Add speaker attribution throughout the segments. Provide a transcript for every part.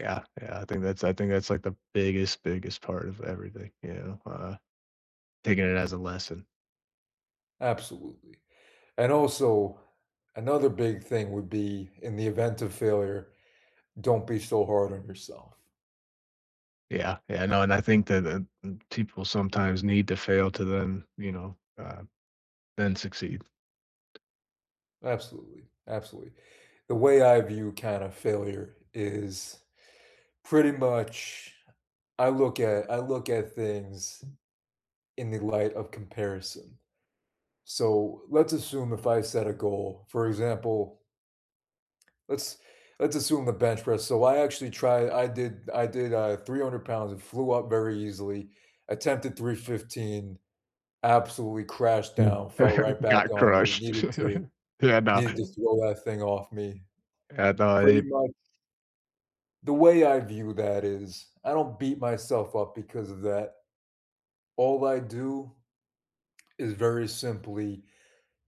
Speaker 1: Yeah, yeah. I think that's I think that's, like, the biggest, biggest part of everything, you know, uh, taking it as a lesson.
Speaker 2: Absolutely, and, also, another big thing would be in the event of failure, don't be so hard on yourself.
Speaker 1: Yeah, yeah, no, and I think that, uh, m people sometimes need to fail to then, you know, um, then succeed.
Speaker 2: Absolutely, absolutely. The way I view, kind of, failure is pretty much I look at I look at things in the light of comparison, so, let's assume if I set a goal, for example let's let's assume the bench press. So, I actually try I did I did, uh, 300 pounds, it flew up very easily, attempted 315, absolutely crashed
Speaker 1: Mm.
Speaker 2: down, fell
Speaker 1: Everything
Speaker 2: right back
Speaker 1: got
Speaker 2: on me,
Speaker 1: crushed.
Speaker 2: needed to
Speaker 1: Yeah, I
Speaker 2: needed to
Speaker 1: know.
Speaker 2: throw that thing off me.
Speaker 1: I thought
Speaker 2: Pretty
Speaker 1: it
Speaker 2: much the way I view that is I don't beat myself up because of that. All I do is very simply,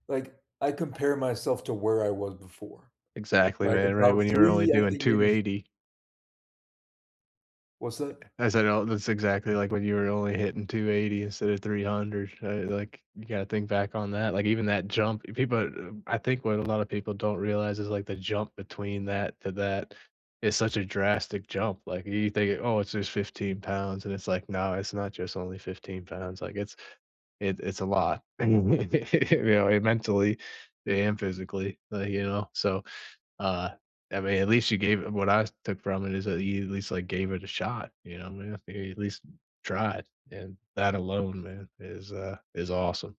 Speaker 2: like, I compare myself to where I was before,
Speaker 1: Exactly,
Speaker 2: like,
Speaker 1: man, right,
Speaker 2: about
Speaker 1: when you were only
Speaker 2: 3, I
Speaker 1: doing
Speaker 2: think,
Speaker 1: two
Speaker 2: maybe f
Speaker 1: eighty.
Speaker 2: What's that?
Speaker 1: I said, oh, that's exactly like when you were only hitting 280 instead of 300, uh, like, you gotta think back on that, like, even that jump, people, uh, b I think what a lot of people don't realize is, like, the jump between that to that is such a drastic jump, like, y you think, "Oh, it's just 15 pounds," and it's like, "No, it's not just only 15 pounds," like, it's it it's a lot, you know, mentally and physically, like, you know, so, uh, I mean, at least you gave it what I took from it is that you at least, like, gave it a shot, you know? [unintelligible] at least tried, and that alone, man, is, uh, is awesome.